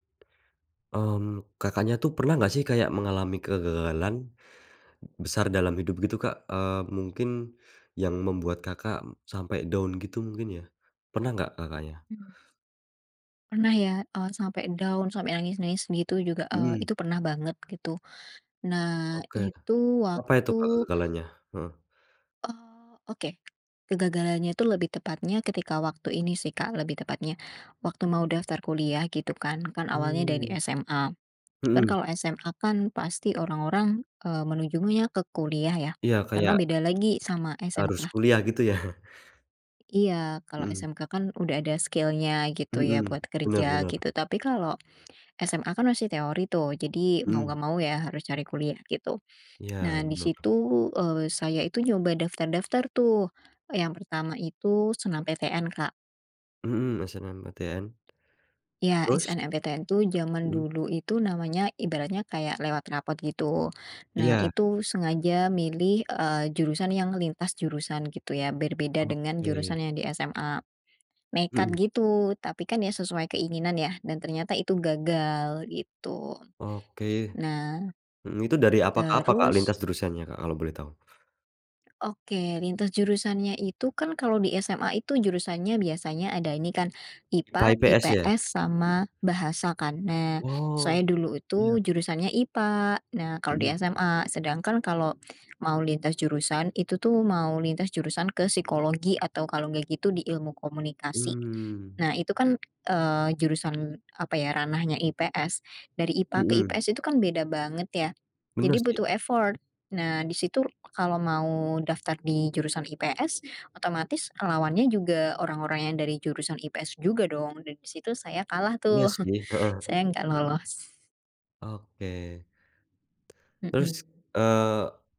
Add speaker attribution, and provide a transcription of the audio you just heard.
Speaker 1: Mmm, Kakaknya, tuh pernah nggak sih kayak mengalami kegagalan, besar dalam hidup gitu, Kak? Eee, mungkin yang membuat, Kakak, sampai down gitu mungkin ya. Pernah nggak, Kakaknya?
Speaker 2: Hmm. Pernah ya, eee, sampai down, sampai nangis-nangis begitu juga, eee,
Speaker 1: Mhm.
Speaker 2: itu pernah banget gitu. Nah,
Speaker 1: Oke.
Speaker 2: itu
Speaker 1: Apa itu, Kak,
Speaker 2: waktu
Speaker 1: kegagalannya? Heeh.
Speaker 2: eee, oke. Kegagalannya itu lebih tepatnya ketika waktu ini sih, Kak, lebih tepatnya. Waktu mau daftar kuliah gitu kan. Kan awalnya dari
Speaker 1: Hmm.
Speaker 2: SMA, kan
Speaker 1: Mhm.
Speaker 2: kalau SMA, kan pasti orang-orang, eee, menujunya ke kuliah ya.
Speaker 1: Iya
Speaker 2: Karena
Speaker 1: kayak
Speaker 2: beda lagi sama
Speaker 1: Harus
Speaker 2: SMK.
Speaker 1: kuliah gitu ya?
Speaker 2: Iya kalau
Speaker 1: Mhm.
Speaker 2: SMK kan udah ada skill-nya, gitu ya
Speaker 1: Mhm,
Speaker 2: buat kerja
Speaker 1: bener bener.
Speaker 2: gitu. Tapi kalau, SMA kan masih teori tuh, jadi mau
Speaker 1: Mhm.
Speaker 2: nggak mau ya harus cari kuliah gitu.
Speaker 1: Iya,
Speaker 2: Nah, di
Speaker 1: bener.
Speaker 2: situ, eee, saya itu nyoba daftar-daftar tuh. Yang pertama itu SNMPTN, Kak.
Speaker 1: Mhm, SNMPTN.
Speaker 2: Ya
Speaker 1: Terus?
Speaker 2: SNMPTN itu jaman
Speaker 1: Mhm.
Speaker 2: dulu itu namanya ibaratnya kayak lewat rapor gitu. Nah
Speaker 1: Iya.
Speaker 2: itu sengaja milih, eee, jurusan yang lintas jurusan gitu ya, berbeda dengan
Speaker 1: Oke.
Speaker 2: jurusan yang di SMA. Nekat
Speaker 1: Mhm.
Speaker 2: gitu, tapi kan ya sesuai keinginan ya dan ternyata itu gagal gitu.
Speaker 1: Oke.
Speaker 2: Nah
Speaker 1: Mhm, itu dari apa ke apa, Kak,
Speaker 2: terus
Speaker 1: lintas jurusannya, Kak, kalau boleh tahu?
Speaker 2: Oke, lintas jurusannya itu kan kalau di SMA itu jurusannya biasanya ada ini kan,
Speaker 1: IPA
Speaker 2: IPA
Speaker 1: IPS ya.
Speaker 2: IPS sama bahasa kan. Nah,
Speaker 1: Oh,
Speaker 2: saya dulu
Speaker 1: iya.
Speaker 2: itu jurusannya IPA. Nah, kalau di
Speaker 1: Mhm.
Speaker 2: SMA sedangkan kalau mau lintas jurusan itu tuh mau lintas jurusan ke psikologi atau kalau enggak gitu di ilmu komunikasi.
Speaker 1: Hmm.
Speaker 2: Nah, itu kan, eee, jurusan apa ya ranahnya IPS, dari IPA ke
Speaker 1: Mhm.
Speaker 2: IPS itu kan beda banget ya, jadi
Speaker 1: Bener sih.
Speaker 2: butuh effort. Nah di situ kalau mau daftar di jurusan IPS otomatis lawannya juga orang-orang yang dari jurusan IPS juga dong dan di situ saya kalah
Speaker 1: Iya
Speaker 2: tuh.
Speaker 1: sih, heeh.
Speaker 2: Saya enggak lolos.
Speaker 1: Oke. Terus,
Speaker 2: Mhm.
Speaker 1: eee